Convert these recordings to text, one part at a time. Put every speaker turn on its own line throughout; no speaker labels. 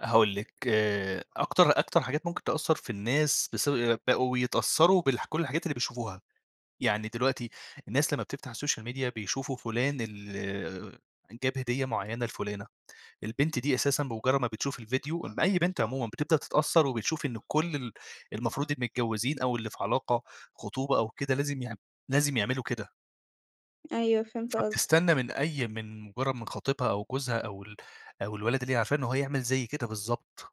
هاقول لِك آآ أكتر أكتر حاجات ممكن تأثّر في الناس بس بقوا يتأثّروا بالح كلّ الحاجات اللي بيشوفوها، يعني دلوقتي الناس لمّا بتفتح السوشيال ميديا بيشوفوا فلان ال جاب هدية معيّنة لفلانة، البنت دي أساسًا بمجرّد ما بتشوف الفيديو، إ أي بنت عمومًا بتبدأ تتأثّر وبتشوف إن كلّ ال المفروض المتجوّزين أو اللي في علاقة خطوبة أو كده لازم يعم لازم يعملوا كده.
أيوه فهمت قصدك.
فبتستنى من أي من مجرّد من خطيبها أو جوزها أو ال أو الولد اللي هي عارفاه إن هو يعمِل زي كده بالضبط،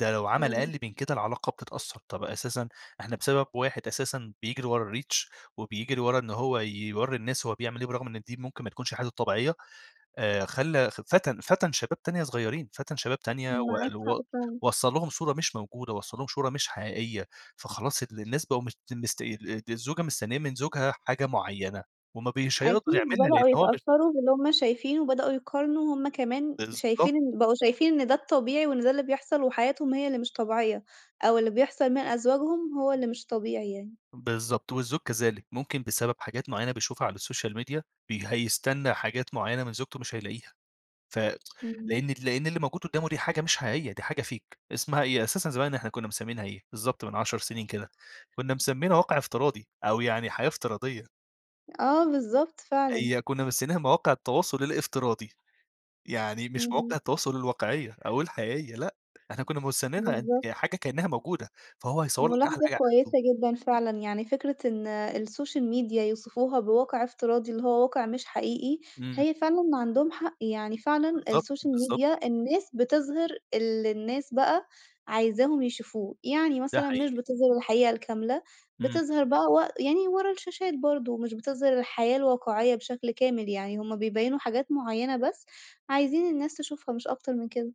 ده لو عمل
إمم.
أقل من كده العلاقة بتتأثّر طَب أساسًا إحنا بسبب واحد أساسًا بيجري ورا الReach وبيجري ورا إن هو ي يورّي الناس هو بيعمِل إيه برغم إن دي ممكن ما تكونش حياته الطبيعية، آآ خلّى ف فَتَن فَتَن شباب تانية صغيّرين، فَتَن شباب تانية
معاك
وقل
حق
و
فعلًا.
وصّل لهم صورة مش موجودة، وصّل لهم شورة مش حقيقية، فخلاص ال الناس بقوا مش مست ال ال الزوجة مستنية من زوجها حاجة معيّنة، وما بي مش هيقدر
أكيد
يعملها لإن
بدأوا
هو م
يتأثّروا باللي هُم شايفينه، وبدأوا يقارنوا هُم كمان
بالضبط.
شايفين إن بقوا شايفين إن ده الطبيعي، وإن ده اللي بيحصل وحياتهم هي اللي مش طبيعية، أو اللي بيحصل من أزواجهم هو اللي مش طبيعي يعني.
بالضبط، والزوج كذلك ممكن بسبب حاجات معيّنة بيشوفها على السوشيال ميديا، بي هيستنى حاجات معيّنة من زوجته مش هيلاقيها، ف
إمم.
لإن لإن اللي موجود قدّامه دي حاجة مش حقيقية، دي حاجة fake اسمها إيه أساسًا زمان إحنا كنّا مسمينها إيه، بالضبط من 10 سنين كده، كنّا مسمينها واقع افتراضي، أو يعني حياة افتراضية.
آه بالضبط فعلًا.
هي كنّا مسمينها مواقع التواصل الافتراضي، يعني مش
إمم.
مواقع التواصل الواقعية، أو الحقيقة، لأ إحنا كّنا موسننها إن
بالضبط.
حاجة كأنها موجودة، فهو هيصوّر لك أحلى
مُلاحظة
حاجة
كويسة
عنده.
جدًا فعلًا، يعني فكرة إن السوشيال ميديا يوصفوها بواقع افتراضي اللي هو واقع مش حقيقي،
إمم.
هي فعلًا ما عندهم حق، يعني فعلًا
بالضبط،
السوشيال
بالضبط.
ميديا الناس بتظهِر الللي الناس بقى عايزاهم يشوفوه، يعني
ده
مثلًا مش
حقيقي.
بتظهِر الحقيقة الكاملة،
إمم.
بتظهِر بقى وق يعني ورا الشاشات برضه مش بتظهِر الحياة الواقعية بشكل كامل، يعني هُم بيبيّنوا حاجات معيّنة بس، عايزين الناس تشوفها مش أكتر من كده.